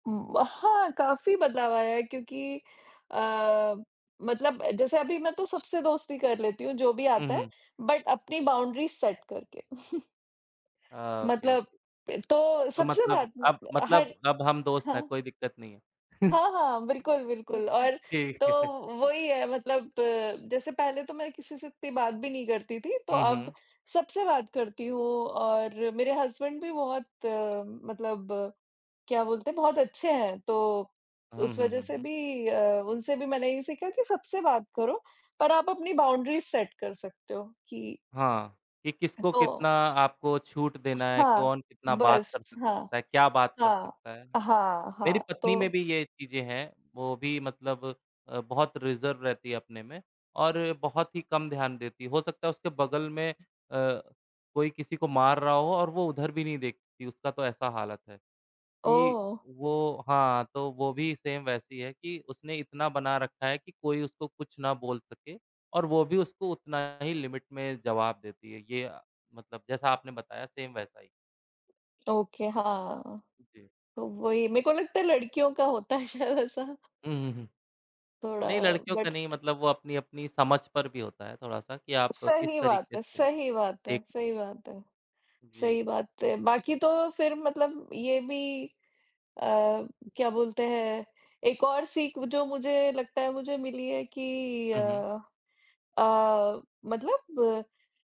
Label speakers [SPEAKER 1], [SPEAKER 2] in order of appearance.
[SPEAKER 1] उ वहाँ, काफ़ी बदलाव आया है क्योंकि अ, मतलब जैसे अभी मैं तो सबसे दोस्ती कर लेती हूँ, जो भी
[SPEAKER 2] हुँ,
[SPEAKER 1] आता है
[SPEAKER 2] हुँ।
[SPEAKER 1] बट अपनी बाउंड्रीज़ सेट करके।
[SPEAKER 2] अ, ओके, ओके।
[SPEAKER 1] मतलब पे तो
[SPEAKER 2] तो
[SPEAKER 1] सबसे
[SPEAKER 2] मतलब
[SPEAKER 1] बात
[SPEAKER 2] अब
[SPEAKER 1] मतलब
[SPEAKER 2] मतलब
[SPEAKER 1] हर
[SPEAKER 2] अब हम दोस्त हैं,
[SPEAKER 1] हाँ।
[SPEAKER 2] कोई दिक्कत नहीं है।
[SPEAKER 1] हाँ, हाँ, बिल्कुल, बिल्कुल और
[SPEAKER 2] जी।
[SPEAKER 1] तो वही है मतलब जैसे पहले तो मैं किसी से इत्ती बात भी नहीं करती थी, तो
[SPEAKER 2] हुँ,
[SPEAKER 1] अब
[SPEAKER 2] हुँ।
[SPEAKER 1] सबसे बात करती हूँ और मेरे हस्बैंड भी बहुत मतलब क्या बोलते हैं? बहुत अच्छे हैं, तो
[SPEAKER 2] हुँ,
[SPEAKER 1] उस
[SPEAKER 2] हुँ,
[SPEAKER 1] वज़ह
[SPEAKER 2] हुँ,
[SPEAKER 1] से
[SPEAKER 2] हुँ।
[SPEAKER 1] भी अ, उनसे भी मैंने ये सीखा कि सबसे बात करो, पर आप अपनी बाउंड्रीज़ सेट कर सकते हो कि
[SPEAKER 2] हाँ, कि
[SPEAKER 1] ह
[SPEAKER 2] किसको
[SPEAKER 1] तो
[SPEAKER 2] कितना आपको छूट देना है,
[SPEAKER 1] हाँ,
[SPEAKER 2] कौन कितना बात कर
[SPEAKER 1] बस, हाँ।
[SPEAKER 2] सकता है, क्या बात कर
[SPEAKER 1] हाँ,
[SPEAKER 2] सकता है।
[SPEAKER 1] हाँ,
[SPEAKER 2] मेरी
[SPEAKER 1] हाँ
[SPEAKER 2] पत्नी में
[SPEAKER 1] तो
[SPEAKER 2] भी ये चीज़ें हैं, वो भी मतलब अ, बहुत रिज़र्व रहती है अपने में और बहुत ही कम ध्यान देती है, हो सकता है उसके बगल में अ, कोई किसी को मार रहा हो और वो उधर भी नहीं देखती, उसका तो ऐसा हालत है, कि
[SPEAKER 1] ओह!
[SPEAKER 2] वो हाँ, तो वो भी सेम वैसी है कि उसने इतना बना रखा है कि कोई उसको कुछ ना बोल सके और वो भी उसको उतना ही लिमिट में जवाब देती है। ये मतलब जैसा आपने बताया सेम वैसा ही।
[SPEAKER 1] ओके, हाँ।
[SPEAKER 2] उ, जी।
[SPEAKER 1] तो वही मेको लगता है लड़कियों का होता है शायद ऐसा।
[SPEAKER 2] हुँ, हुँ, हुँ।
[SPEAKER 1] थोड़ा
[SPEAKER 2] नहीं, लड़कियों का
[SPEAKER 1] बट
[SPEAKER 2] नहीं मतलब वो अपनी-अपनी समझ पर भी होता है, थोड़ा-सा कि आप किस
[SPEAKER 1] सही बात
[SPEAKER 2] तरीके
[SPEAKER 1] है
[SPEAKER 2] से
[SPEAKER 1] सही बात है
[SPEAKER 2] देख
[SPEAKER 1] सही बात है
[SPEAKER 2] जी।
[SPEAKER 1] सही बात है। बाकी तो फिर मतलब ये भी अ, क्या बोलते हैं? एक और सीख जो मुझे लगता है मुझे मिली है कि अ
[SPEAKER 2] हुँ, हुँ।
[SPEAKER 1] अ, मतलब